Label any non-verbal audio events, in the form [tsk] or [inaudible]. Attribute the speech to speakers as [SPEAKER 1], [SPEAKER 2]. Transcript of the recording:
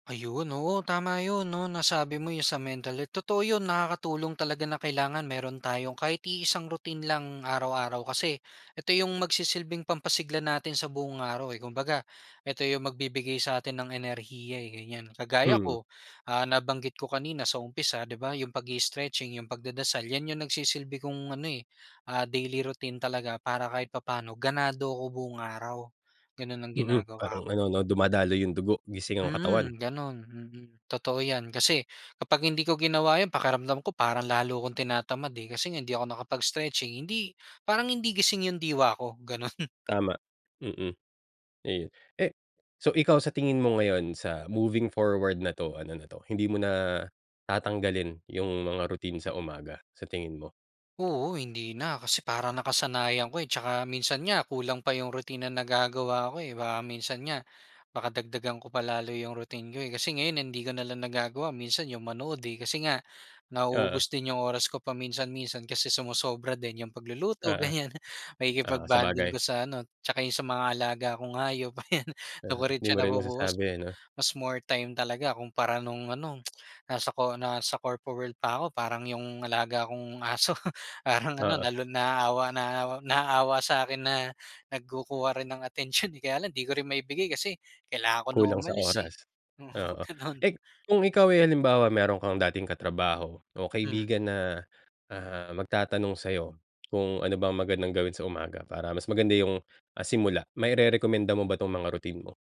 [SPEAKER 1] Ayun, oo, tama 'yon, 'no? Nasabi mo 'yon sa mental health, totoo 'yon, nakakatulong talaga na kailangan meron tayong kahit iisang routine lang araw-araw kasi, eto yung magsisilbing pampasigla natin sa buong araw eh, kumbaga, eto yung magbibigay sa'tin ng enerhiya eh, ganyan. Kagaya
[SPEAKER 2] Mm.
[SPEAKER 1] ko, ah, nabanggit ko kanina sa umpisa, 'di ba, yung pag-i-stretching, yung pagdadasal, yan yung nagsisilbi kong ano, eh, ah, daily routine talaga para kahit papa'no, ganado ako buong araw. Gano'n ang
[SPEAKER 2] Mm,
[SPEAKER 1] ginagawa
[SPEAKER 2] parang
[SPEAKER 1] ko.
[SPEAKER 2] ano, 'no, dumadaloy yung dugo, gising ang katawan.
[SPEAKER 1] Mm, gano'n, mm, totoo yan. Kasi, kapag hindi ko ginawa 'yon, pakiramdam ko parang lalo akong tinatamad eh, kasi nga, hindi ako nakapag-stretching, hindi parang hindi gising yung diwa ko, gano'n.
[SPEAKER 2] Tama, mm, ayun. Eh, so, ikaw sa tingin mo ngayon, sa, moving forward na 'to, ano na 'to, hindi mo na, tatanggalin yung mga routine sa umaga, sa tingin mo?
[SPEAKER 1] Oo, hindi na, kasi parang nakasanayan ko eh, tsaka minsan nga, kulang pa yung routine na nagagawa ko eh. Baka minsan nga, baka dagdagan ko pa lalo yung routine ko eh. Kasi ngayon hindi ko na lang nagagawa, minsan yung manood eh, kasi nga,
[SPEAKER 2] Oo.
[SPEAKER 1] nauubos din yung oras ko paminsan-minsan, kasi sumosobra din yung pagluluto,
[SPEAKER 2] Oo.
[SPEAKER 1] ganyan.
[SPEAKER 2] Oo,
[SPEAKER 1] Pakikipag-bonding
[SPEAKER 2] sabagay.
[SPEAKER 1] ko sa ano, tsaka yung sa mga alaga kong hayop, ayan, do'n
[SPEAKER 2] Uh-huh,
[SPEAKER 1] ko rin
[SPEAKER 2] hindi
[SPEAKER 1] siya
[SPEAKER 2] mo rin
[SPEAKER 1] nabubuhos,
[SPEAKER 2] masasabi ano?
[SPEAKER 1] mas more time talaga kumpara no'ng ano, [tsk] nasa co nasa corpo world pa ako, parang yung alaga kong aso. Parang ano,
[SPEAKER 2] Oo.
[SPEAKER 1] nalu naaawa, nao naawawa sa'kin na, nagkukuha rin ng atensyon eh, kaya lang, 'di ko rin maibigay kasi, kailangan ko na
[SPEAKER 2] Kulang sa
[SPEAKER 1] umalis eh.
[SPEAKER 2] oras,
[SPEAKER 1] Oo,
[SPEAKER 2] oo.
[SPEAKER 1] gano'n.
[SPEAKER 2] Eh, kung ikaw ay halimbawa, meron kang dating katrabaho, o
[SPEAKER 1] Hmm.
[SPEAKER 2] kaibigan na, ah, magtatanong sa'yo, kung ano bang magandang gawin sa umaga, para mas maganda yung, ah, simula, mairerekomenda mo ba 'tong mga routine mo?